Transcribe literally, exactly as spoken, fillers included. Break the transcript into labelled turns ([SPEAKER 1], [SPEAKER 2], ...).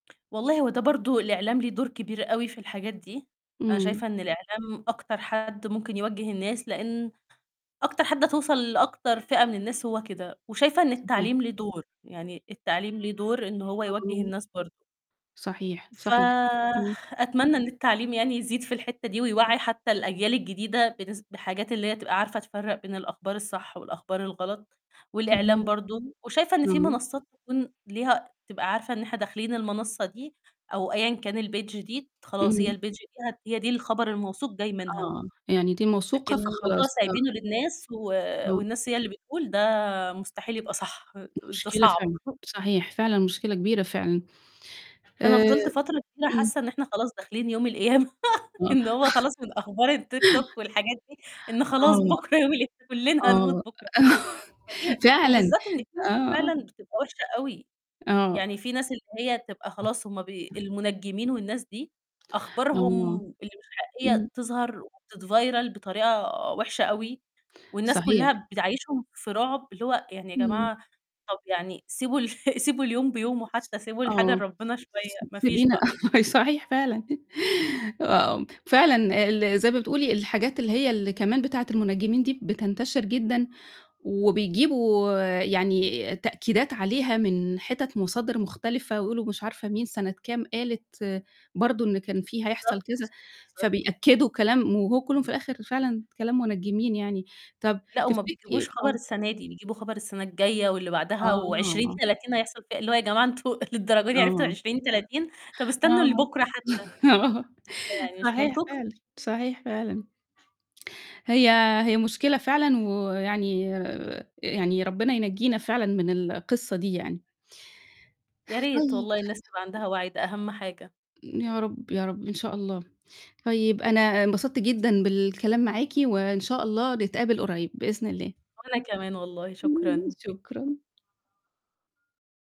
[SPEAKER 1] والله هو ده برضه الإعلام ليه دور كبير أوي في الحاجات دي، أنا
[SPEAKER 2] إمم.
[SPEAKER 1] شايفة إن الإعلام أكتر حد ممكن يوجّه الناس، لإن أكتر حد هتوصل لأكتر فئة من الناس هو كده، وشايفة إن
[SPEAKER 2] صحيح.
[SPEAKER 1] التعليم ليه دور، يعني التعليم ليه دور إن هو يوجّه
[SPEAKER 2] آه.
[SPEAKER 1] الناس برضه.
[SPEAKER 2] صحيح، صحيح. إمم.
[SPEAKER 1] فأتمنى إن التعليم يعني يزيد في الحتّة دي ويوعّي حتّى الأجيال الجديدة بنس بحاجات اللي هي تبقى عارفة تفرَّق بين الأخبار الصح والأخبار الغلط، والإعلام
[SPEAKER 2] تمام.
[SPEAKER 1] برضه، وشايفة إن في
[SPEAKER 2] إمم.
[SPEAKER 1] منصّات تكون ليها تبقى عارفة إن إحنا داخلين المنصّة دي أو أيًا كان الpage دي، خلاص هي
[SPEAKER 2] إمم.
[SPEAKER 1] الpage دي ه هي دي الخبر الموثوق جاي منها.
[SPEAKER 2] آه، يعني دي
[SPEAKER 1] لكن
[SPEAKER 2] موثوقة
[SPEAKER 1] الموضوع
[SPEAKER 2] فخلاص، آه.
[SPEAKER 1] سايبينه للناس و
[SPEAKER 2] إمم.
[SPEAKER 1] والناس هي اللي بتقول، ده مستحيل يبقى صح. د ده
[SPEAKER 2] مشكلة
[SPEAKER 1] صعب.
[SPEAKER 2] فعلًا. صحيح. فعلًا مشكلة كبيرة فعلًا.
[SPEAKER 1] أنا
[SPEAKER 2] آآ
[SPEAKER 1] فضلت فترة كبيرة
[SPEAKER 2] إمم.
[SPEAKER 1] حاسّة إن إحنا خلاص داخلين يوم القيامة،
[SPEAKER 2] آه.
[SPEAKER 1] إن هو خلاص من أخبار الTikTok والحاجات دي، إن خلاص
[SPEAKER 2] آه.
[SPEAKER 1] بُكرة يوم القيامة، كلّنا هنموت
[SPEAKER 2] آه،
[SPEAKER 1] بُكرة. فدي
[SPEAKER 2] فعلًا.
[SPEAKER 1] وبالذات إن هي
[SPEAKER 2] آه.
[SPEAKER 1] فعلًا بتبقى وِحشة أوي،
[SPEAKER 2] آه.
[SPEAKER 1] يعني في ناس اللي هي تبقى خلاص هُم بي المُنجّمين والناس دي، أخبارهم
[SPEAKER 2] آه.
[SPEAKER 1] اللي مش
[SPEAKER 2] إمم.
[SPEAKER 1] حقيقية تظهر وتتفيرل بطريقة وِحشة أوي، والناس
[SPEAKER 2] صحيح.
[SPEAKER 1] كلّها بتعيِّشهُم في رعب، اللي هو يعني يا
[SPEAKER 2] إمم.
[SPEAKER 1] جماعة طب يعني سيبوا ال سيبوا اليوم بيومه
[SPEAKER 2] س
[SPEAKER 1] حتّى، سيبوا الحاجة
[SPEAKER 2] آه،
[SPEAKER 1] لربنا شوية،
[SPEAKER 2] س س
[SPEAKER 1] ما فيش
[SPEAKER 2] سيبينا
[SPEAKER 1] بقى.
[SPEAKER 2] ما هي صحيح فعلًا. آآ فعلًا ال زي ما بتقولي الحاجات اللي هي اللي كمان بتاعة المُنجّمين دي بتنتشر جدًا، وبيجيبوا يعني تأكيدات عليها من حتت مصادر مختلفة ويقولوا مش عارفة مين سنة كام قالت برضه إن كان في هيحصل
[SPEAKER 1] بالضبط،
[SPEAKER 2] كذا،
[SPEAKER 1] بالضبط.
[SPEAKER 2] فبيأكّدوا كلام وهو كلّه في الآخر فعلًا كلام مُنجّمين يعني. طب
[SPEAKER 1] لأ، وما بيجيبوش
[SPEAKER 2] تفتكري
[SPEAKER 1] خبر
[SPEAKER 2] آه.
[SPEAKER 1] السنة دي، بيجيبوا خبر السنة الجاية واللي بعدها وعشرين
[SPEAKER 2] آه.
[SPEAKER 1] تلاتين هيحصل فيها إيه، اللي هو يا جماعة أنتم للدرجة دي عرفتوا
[SPEAKER 2] آه.
[SPEAKER 1] عشرين تلاتين؟ طب استنوا
[SPEAKER 2] آه،
[SPEAKER 1] لبُكرة حتّى.
[SPEAKER 2] آه،
[SPEAKER 1] يعني مش
[SPEAKER 2] صحيح
[SPEAKER 1] منطقي.
[SPEAKER 2] فعلًا، صحيح فعلًا. هي هي مشكلة فعلًا ويعني آآ يعني ربنا ينجينا فعلًا من القصّة دي يعني.
[SPEAKER 1] يا ريت
[SPEAKER 2] طيب.
[SPEAKER 1] والله الناس تبقى عندها وعي، ده أهم حاجة.
[SPEAKER 2] يا رب، يا رب، إن شاء الله. طيب أنا انبسطت جدًا بالكلام معاكِ وإن شاء الله نتقابل قريب، بإذن الله.
[SPEAKER 1] وأنا كمان والله، شكرًا.
[SPEAKER 2] شكرًا.